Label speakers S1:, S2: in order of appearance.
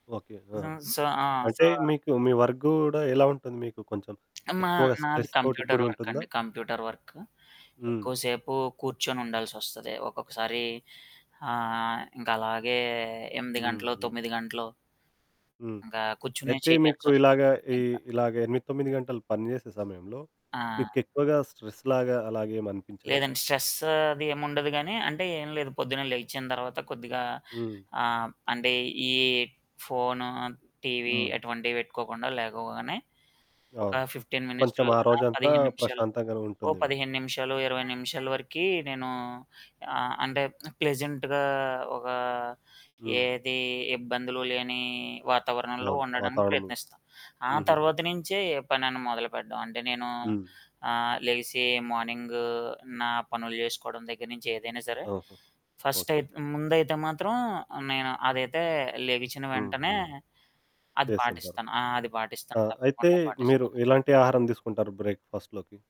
S1: Okay.
S2: జు
S1: ఆహ్,
S2: స ఆ! సో
S1: అంటే మీకు మీ వర్క్ గూడా ఎలా ఉంటుంది? మీకు కొంచెం
S2: మా
S1: ఎక్కువగా
S2: నాది
S1: స్ట్రెస్ తోటి
S2: కంప్యూటర్
S1: కూడి
S2: వర్క్
S1: ఉంటుందా?
S2: అండి కంప్యూటర్ వర్కు.
S1: హ్మ్.
S2: ఎక్కువసేపు కూర్చొని ఉండాల్సి వస్తది. ఒక్కొక్కసారి ఆహ్, ఇంకలాగే 8 గంటలు,
S1: హుహు.
S2: 9 గంటలు
S1: హ్మ్.
S2: ఇంకా కూర్చొనే
S1: అయితే మీకు
S2: చేయాల్సొస్తుంది
S1: ఇలాగా ఈ
S2: ఇంక.
S1: ఇలాగా 8, 9 గంటలు పని చేసే సమయంలో
S2: ఆ!
S1: మీకెక్కువగా స్ట్రెస్ లాగా అలాగేమినిపించదా?
S2: లేదండి. స్ట్రెస్ అది ఏముండదు గానీ అంటే ఏం లేదు పొద్దున్నే లేచిన తర్వాత కొద్దిగా
S1: హ్మ్.
S2: ఆహ్, అంటే ఈ ఫోను, టీవీ
S1: హ్మ్.
S2: ఎటువంటివి పెట్టుకోకుండా లేగవగానే ఒక
S1: అవును.
S2: 15 మినిట్స్ టు
S1: కొంచెం ఆ
S2: ఆహ్,
S1: రోజంతా
S2: 15 నిమిషాలు
S1: ప్రశాంతంగానే
S2: ఓ
S1: ఉంటుందేమో.
S2: 15 నిమిషాలు, ఇరవై నిమిషాల వరకీ నేను అంటే ప్లెజెంట్‌గా ఒక
S1: హ్మ్.
S2: ఏది ఇబ్బందులు లేని వాతావరణంలో
S1: అవును.
S2: ఉండడానికి
S1: వాతావరణంలో.
S2: ప్రయత్నిస్తాను. ఆ
S1: హుహు.
S2: తర్వాత నుంచే ఏ పనైనా మొదలుపెట్టడం అంటే నేను
S1: హ్మ్.
S2: ఆహ్, లెగిసి మార్నింగు నా పనులు చేసుకోవడం దగ్గర నుంచి ఏదైనా సరే
S1: ఓహో!
S2: First
S1: okay.
S2: అయితే, ముందైతే మాత్రం నేను అదైతే లెగిచిన
S1: హ్మ్.
S2: వెంటనే
S1: హ్మ్.
S2: అది
S1: చేస్తుంటారు.
S2: పాటిస్తాను, అది
S1: ఆ!
S2: పాటిస్తాను.
S1: అయితే
S2: తప్పకుండా
S1: మీరు
S2: పాటిస్తాను.
S1: ఎలాంటి ఆహారం తీసుకుంటారు బ్రేక్‌ఫాస్ట్‌ లోకి?